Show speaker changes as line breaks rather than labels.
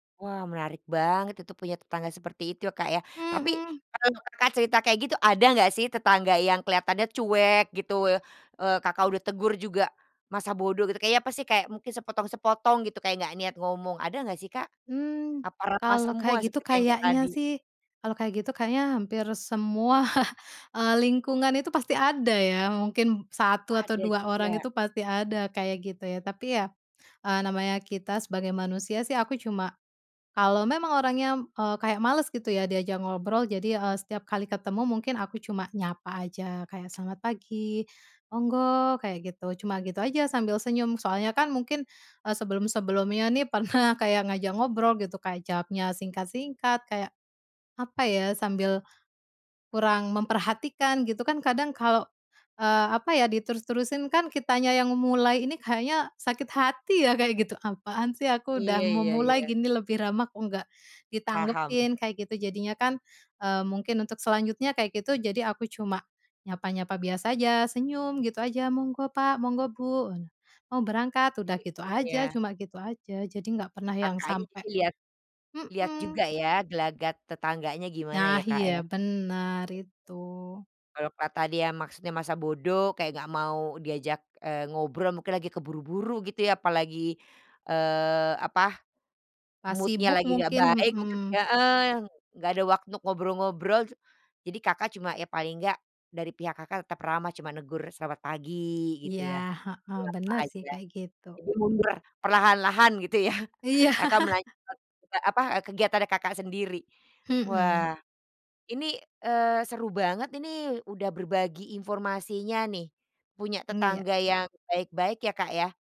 Wah, menarik banget itu punya tetangga seperti itu, ya, Kak, ya. Tapi,
Mhm.
kalau Kakak cerita kayak gitu, ada enggak sih tetangga yang kelihatannya cuek gitu, e eee, Kakak udah tegur juga masa bodoh gitu, kayaknya apa sih, kayak mungkin sepotong-sepotong gitu, kayak nggak niat ngomong, ada enggak sih Kak?
Mmm,
Apa ramah
kalau
semua
kayak gitu
seperti yang kayak
kayaknya
tadi?
sih, kalau kayak gitu kayaknya hampir semua, eee, lingkungan itu pasti ada ya, mungkin
Oh,
1 atau
ada
2 orang
juga.
itu pasti ada kayak gitu ya. Tapi ya, eee, namanya kita sebagai manusia sih, aku cuma kalau memang orangnya, eee, kayak males gitu ya diajak ngobrol, jadi, eee, setiap kali ketemu mungkin aku cuma nyapa aja, kayak selamat pagi, monggo, kayak gitu, cuma gitu aja sambil senyum. Soalnya kan mungkin, eee, sebelum-sebelumnya nih, pernah kayak ngajak ngobrol gitu, kayak jawabnya singkat-singkat, kayak, apa ya, sambil kurang memperhatikan, gitu kan. Kadang kalau, eee, apa ya, diterus-terusin kan kitanya yang memulai ini kayaknya sakit hati ya kayak gitu. Apaan sih, aku udah
Iya iya
memulai
iya.
gini lebih ramah, kok nggak
Paham.
ditanggepin, kayak gitu. Jadinya kan, e mungkin untuk selanjutnya kayak gitu, jadi aku cuma nyapa-nyapa biasa aja, senyum gitu aja, "Monggo Pak, monggo Bu, mau berangkat," udah
Jadi
gitu
cuek
aja,
ya.
cuma gitu aja. Jadi nggak pernah yang
Kakaknya
sampai
jadi lihat lihat
hmm.
juga ya, gelagat tetangganya gimana
Nah,
ya, Kak,
iya,
ya.
benar itu.
Kalo ka tadi ya maksudnya masa bodoh, kayak nggak mau diajak, eee, ngobrol, mungkin lagi keburu-buru gitu ya, apalagi, eee, apa,
Pas
mood-nya
sibuk
lagi nggak
mungkin,
baik, mungkin
hmm.
heeh, nggak ada waktu ngobrol-ngobrol, cu jadi Kakak cuma ya paling enggak, dari pihak Kakak tetap ramah, cuma negur selamat pagi, gitu
Iya,
ya.
heeh,
Menyapa
benar sih
aja.
kayak gitu.
Jadi mundur perlahan-lahan, gitu ya.
Iya.
Kakak melanjutkan, eee, apa, eee, kegiatannya Kakak sendiri.
Hmm.
Wah, ini, eee, seru banget ini, udah berbagi informasinya nih, punya
Mmm, ya.
tetangga yang baik-baik ya, Kak, ya.